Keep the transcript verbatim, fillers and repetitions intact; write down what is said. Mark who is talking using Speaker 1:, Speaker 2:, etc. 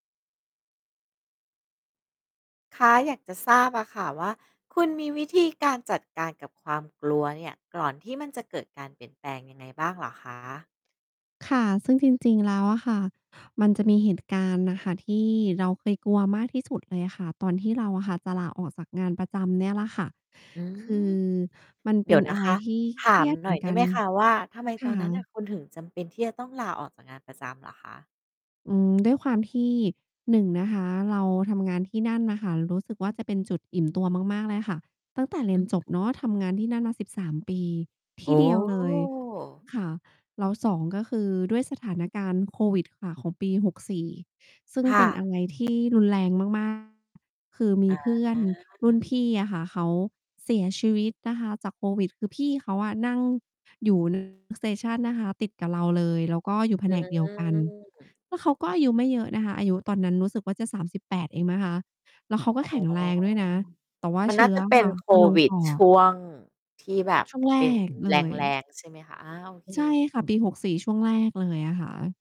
Speaker 1: คะ อยากจะทราบอะค่ะว่า คุณมีวิธีการจัดการกับความกลัวเนี่ย ก่อนที่มันจะเกิดการเปลี่ยนแปลงยังไงบ้างเหรอคะ?
Speaker 2: ค่ะ ซึ่งจริง ๆ แล้วอะค่ะ มันจะมีเหตุการณ์น่ะค่ะ ที่เราเคยกลัวมากที่สุดเลยค่ะ ตอนที่เราอะค่ะจะลาออกจากงานประจำเนี่ยแหละค่ะ
Speaker 1: อื
Speaker 2: คื
Speaker 1: ม
Speaker 2: อมัน
Speaker 1: เ
Speaker 2: เ
Speaker 1: ด
Speaker 2: ป
Speaker 1: ี๋
Speaker 2: ็น
Speaker 1: ยวน
Speaker 2: อ
Speaker 1: ะ
Speaker 2: ะไร
Speaker 1: คะ
Speaker 2: ที่
Speaker 1: ถ
Speaker 2: เค
Speaker 1: า
Speaker 2: รี
Speaker 1: ม
Speaker 2: ยด
Speaker 1: ห
Speaker 2: เ
Speaker 1: น
Speaker 2: หม
Speaker 1: ่
Speaker 2: ื
Speaker 1: อ
Speaker 2: อ
Speaker 1: ย
Speaker 2: น
Speaker 1: ได
Speaker 2: กั
Speaker 1: ้ไห
Speaker 2: น
Speaker 1: มคะว่า ทำไม
Speaker 2: ค
Speaker 1: ต
Speaker 2: ่
Speaker 1: อนนั้นน่
Speaker 2: ะ
Speaker 1: ะ คุณถึงจำเป็นที่จะต้องลาออกจากงานประจำเหรอคะ?
Speaker 2: อืม ด้วยความที่ หนึ่ง นะคะ เราทำงานที่นั่นน่ะค่ะ รู้สึกว่าจะเป็นจุดอิ่มตัวมาก ๆ เลยค่ะ ตั้งแต่เร
Speaker 1: อ
Speaker 2: ี
Speaker 1: ื
Speaker 2: ยน
Speaker 1: อ
Speaker 2: จบ
Speaker 1: ฮึ
Speaker 2: เนาะ ทำงานที่นั่นมา สิบสาม ปี ท
Speaker 1: โอ
Speaker 2: ี่
Speaker 1: ้
Speaker 2: เดียวเลย ค่ะ แล้ว สอง ก็คือด้วยสถานการณ์โควิดค่ะ ของปี หกสี่ ซึ่ง
Speaker 1: ค่
Speaker 2: เป็น
Speaker 1: ะ
Speaker 2: อะไรที่รุนแรง มาก ๆ คือมี
Speaker 1: อ
Speaker 2: เพื่อน
Speaker 1: า
Speaker 2: รุ่นพี่อะค่ะ เขาเสียชีวิตนะคะจากโควิด คือพี่เขาอะนั่งอยู่ น station นะคะติดกับเราเลย แล้วก็อยู่แผ
Speaker 1: อื
Speaker 2: นกเดียวกัน
Speaker 1: ม
Speaker 2: แล้วเขาก็อายุไม่เยอะนะคะ อายุตอนนั้นรู้สึกว่าจะ สามสิบแปด เองนะคะ แล้วเขาก
Speaker 1: อ
Speaker 2: ็
Speaker 1: ๋อ
Speaker 2: แข็งแรงด้วยนะ แต่ว่า
Speaker 1: มัน
Speaker 2: เช
Speaker 1: น่
Speaker 2: ื
Speaker 1: า
Speaker 2: ้อ
Speaker 1: จะ
Speaker 2: อ
Speaker 1: เป
Speaker 2: ะ
Speaker 1: ็
Speaker 2: ค
Speaker 1: น
Speaker 2: ่ะ
Speaker 1: โค
Speaker 2: มันลง
Speaker 1: วิ
Speaker 2: ป
Speaker 1: ด
Speaker 2: อ
Speaker 1: ช
Speaker 2: ด
Speaker 1: ่วง ที่แบ
Speaker 2: อ
Speaker 1: บ
Speaker 2: ช่วงแร
Speaker 1: เป็น
Speaker 2: กเล
Speaker 1: แ
Speaker 2: ย
Speaker 1: รง ๆ ใช่ไหมคะ? อา โอเค
Speaker 2: ใช่
Speaker 1: ๆ
Speaker 2: ค่ะ ปี หกสี่ ช่วงแรกเลยนะคะ